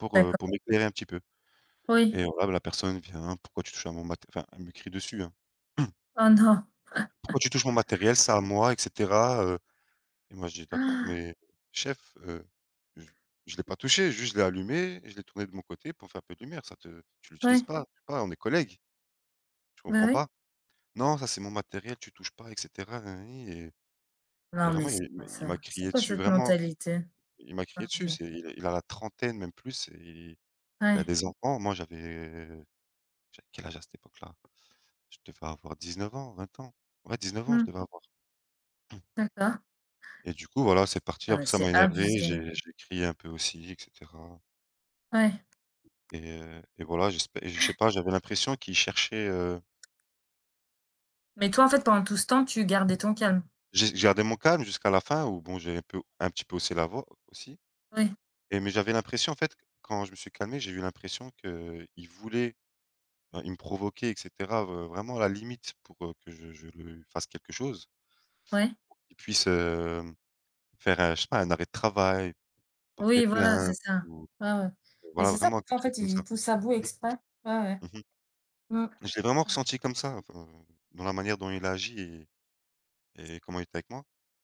Pour heu D'acco pour m'éclairer un petit peu, Oui. et voilà, la personne vient: «Pourquoi tu touches à mon mat?» enfin, elle me crie dessus, hein. Oh non! «Pourquoi tu touches mon matériel? C'est à moi et cetera» heu et moi, je dit: «D'accord Han! mais chef, heu, je je l'ai pas touché, juste, je l'ai allumé, je l'ai tourné de mon côté pour faire un peu de lumière ça te tu l'utilises Ouais. pas pas, on est collègue». Je Bah comprends oui. pas. «Non, ça c'est mon matériel, tu touches pas et cetera, na na ni» et et Non vraiment, mais il c'est quoi il ça? m'a C'est crié quoi dessus, cette vraiment, mentalité? il m'a crié dessus, [unintelligible] c'est il a la trentaine même plus et il a Ouais. des enfants, moi j'avais j'avais quel âge à cette époque-là? Je devais avoir 19 ans, 20 ans, ouais, 19 ans, je Mmh. devais avoir. D'accord. Et du coup, voilà, c'est parti, Ah mais après, ça c'est m'a énervé, abusé. j'ai j'ai crié un peu aussi et cetera Ouais. et heu, et voilà, j'espè et je Ouais. sais pas, j'avais l'impression qu'il cherchait, heu Mais toi, en fait, pendant tout ce temps, tu gardais ton calme? J'ai j'ai gardé mon calme jusqu'à la fin ou bon, j'ai un peu un petit peu haussé la voix, aussi, Ouais. et mais j'avais l'impression, en fait, quand je me suis calmé, j'ai eu l'impression qu'il voulait il me provoquait et cetera, heu, vraiment à la limite pour heu, que je je le fasse quelque chose Ouais. pour qu'il puisse, hem, faire un je sais pas, un arrêt de travail, porter Oui, voilà, c'est plainte ça, ou ouais, ouais, heu, mais voilà, c'est ça, vraiment, quelque en chose fait, comme ça. il pousse à bout exprès, ouais, ouais. Mmh mh. Mmh. Je l'ai vraiment [unintelligible] ressenti comme ça enfin, dans la manière dont il a agi et et comment il était avec moi